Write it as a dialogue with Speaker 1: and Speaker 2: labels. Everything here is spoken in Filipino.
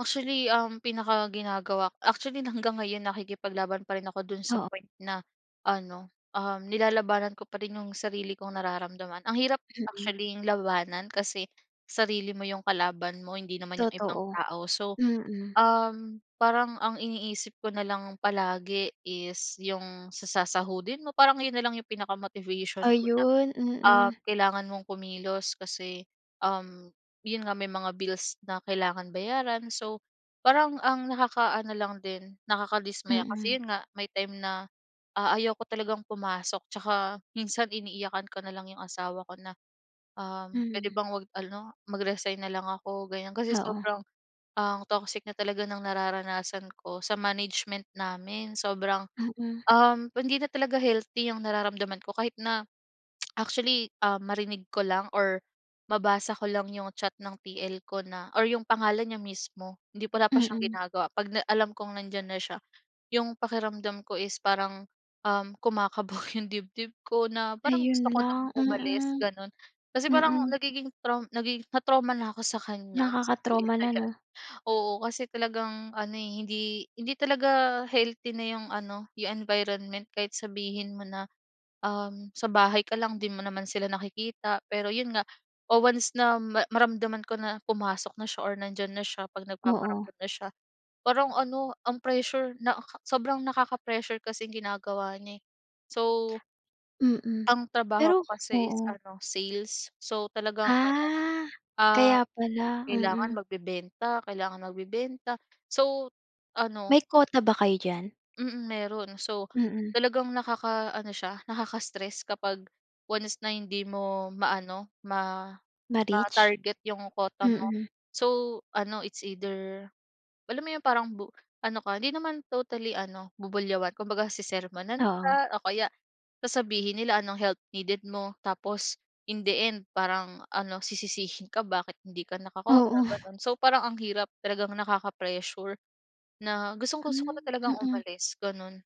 Speaker 1: Actually, ang pinakaginagawa actually hanggang ngayon, nakikipaglaban pa rin ako do'n sa
Speaker 2: Oo.
Speaker 1: point na ano, um, nilalabanan ko pa rin 'yung sarili kong nararamdaman. Ang hirap
Speaker 2: Mm.
Speaker 1: actually'ng labanan kasi sarili mo 'yung kalaban mo, hindi naman 'yung ibang
Speaker 2: Totoo.
Speaker 1: tao. So
Speaker 2: Mm.
Speaker 1: um, parang ang iniisip ko nalang palagi is 'yung sa sasahudin mo, parang 'yun nalang yung pinaka-motivation ko na
Speaker 2: Ayun,
Speaker 1: ah,
Speaker 2: mm.
Speaker 1: kailangan mong kumilos kasi um, 'yun nga may mga bills na kailangan bayaran. So parang ang nakaka-ano lang din nakakadismaya
Speaker 2: Mm.
Speaker 1: kasi yun nga may time na ah, ayoko talagang pumasok. Tsaka minsan iniiyakan ko na lang 'yong asawa ko na, um, puwede
Speaker 2: Mm.
Speaker 1: bang huwag ano, mag-resign na lang ako ganyan. Kasi
Speaker 2: Oo.
Speaker 1: sobrang ang toxic na talaga ng nararanasan ko sa management namin, sobrang
Speaker 2: Mm.
Speaker 1: um, hindi na talaga healthy ang nararamdaman ko kahit na actually ah, marinig ko lang or mabasa ko lang 'yung chat ng TL ko na or 'yung pangalan niya mismo hindi wala pa siyang
Speaker 2: Mm.
Speaker 1: ginagawa 'pag na alam kong nandiyan na siya 'yung pakiramdam ko is parang, um, kumakabog 'yung dibdib ko na parang gusto
Speaker 2: Ayun
Speaker 1: ko nang
Speaker 2: lang.
Speaker 1: umalis
Speaker 2: Mm.
Speaker 1: gano'n. Kasi parang
Speaker 2: Mm.
Speaker 1: nagiging traum nagiging na-trauma na ako sa kanya, sa TL
Speaker 2: Nakaka-trauma
Speaker 1: na
Speaker 2: na 'no?
Speaker 1: 'yan. Oo, kasi talagang ano, eh, hindi hindi talaga healthy na 'yung ano 'yung environment kahit sabihin mo na um, sa bahay ka lang, 'di mo naman sila nakikita, pero 'yun nga, o, once na ma maramdaman ko na pumasok na siya or nandiyan na siya 'pag
Speaker 2: Oo.
Speaker 1: nagpaparamdam na siya, parang ano, ang pressure nakaka sobrang nakaka-pressure kasing ginagawa niya eh. So
Speaker 2: Mm.
Speaker 1: Ang trabaho
Speaker 2: Pero
Speaker 1: ko kasi is
Speaker 2: oo.
Speaker 1: ano sales. So talagang ano
Speaker 2: Ah,
Speaker 1: ah,
Speaker 2: kaya pala.
Speaker 1: kailangan
Speaker 2: Mm.
Speaker 1: magbebenta, kailangan magbebenta, so ano
Speaker 2: May kota ba kayo diyan?
Speaker 1: Mm, meron. So
Speaker 2: Mm.
Speaker 1: talagang nakakaano siya, nakaka-stress kapag once na hindi mo maano ma
Speaker 2: Ma-reach?
Speaker 1: ma-target 'yung kota mo.
Speaker 2: Mm.
Speaker 1: So ano it's either alam mo 'yong parang bu ano ka hindi naman totally ano bubulyawan, kumbaga sesermunan
Speaker 2: Oo.
Speaker 1: ka o kaya sasabihin nila anong help needed mo, tapos in the end, parang ano, sisisihin ka bakit hindi ka nakakota
Speaker 2: Oo.
Speaker 1: gano'n. So parang ang hirap, talagang nakaka-pressure na gustong-gusto ko na
Speaker 2: Hmm,
Speaker 1: talagang
Speaker 2: mm.
Speaker 1: umalis, gano'n.